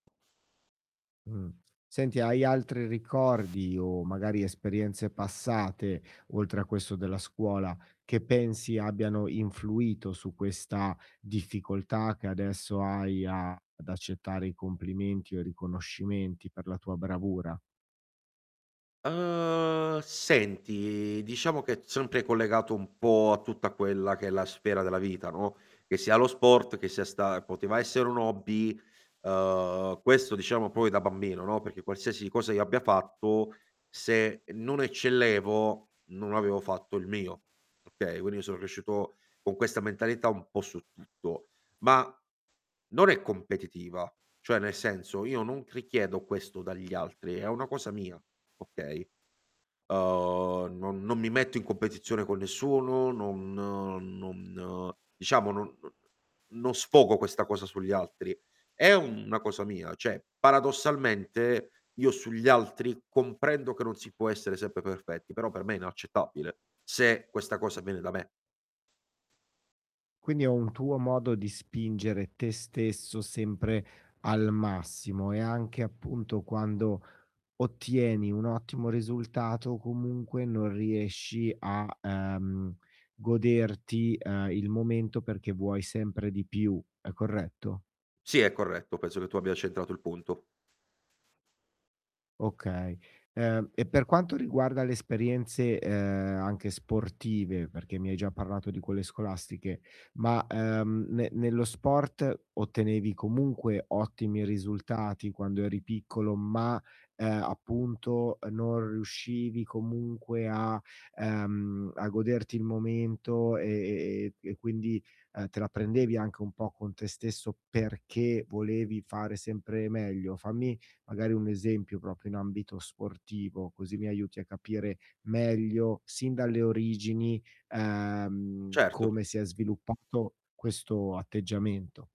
Mh. Senti, hai altri ricordi, o magari esperienze passate, oltre a questo della scuola, che pensi abbiano influito su questa difficoltà, che adesso hai, ad accettare i complimenti riconoscimenti per la tua bravura? Uhm, senti, diciamo che sempre collegato un po' a tutta quella che è la sfera della vita, no, che sia lo sport che sia sta poteva essere un hobby, uhm, questo diciamo proprio da bambino, no, perché qualsiasi cosa io abbia fatto, se non eccellevo, non avevo fatto il mio, okay, quindi io sono cresciuto con questa mentalità un po' su tutto, ma non è competitiva, cioè nel senso, io non richiedo questo dagli altri, è una cosa mia, okay, uhm, non non mi metto in competizione con nessuno, non non diciamo non sfogo questa cosa sugli altri. È una cosa mia, cioè paradossalmente, io sugli altri comprendo che non si può essere sempre perfetti, però per me è inaccettabile se questa cosa viene da me. Quindi è un tuo modo di spingere te stesso sempre al massimo, e anche appunto, quando ottieni un ottimo risultato, comunque non riesci a, ehm, goderti, uhm, il momento perché vuoi sempre di più, è corretto? Sì è corretto, penso che tu abbia centrato il punto. Okay. Uhm, e per quanto riguarda le esperienze, uhm, anche sportive, perché mi hai già parlato di quelle scolastiche, ma, uhm, ne nello sport, ottenevi comunque ottimi risultati quando eri piccolo, ma, ehm, appunto, uhm, non riuscivi comunque a, ehm, a goderti il momento e e e quindi, uhm, te la prendevi anche un po' con te stesso perché volevi fare sempre meglio? Fammi, magari, un esempio proprio in ambito sportivo così mi aiuti a capire meglio sin dalle origini, uhm, Certo. come si è sviluppato questo atteggiamento.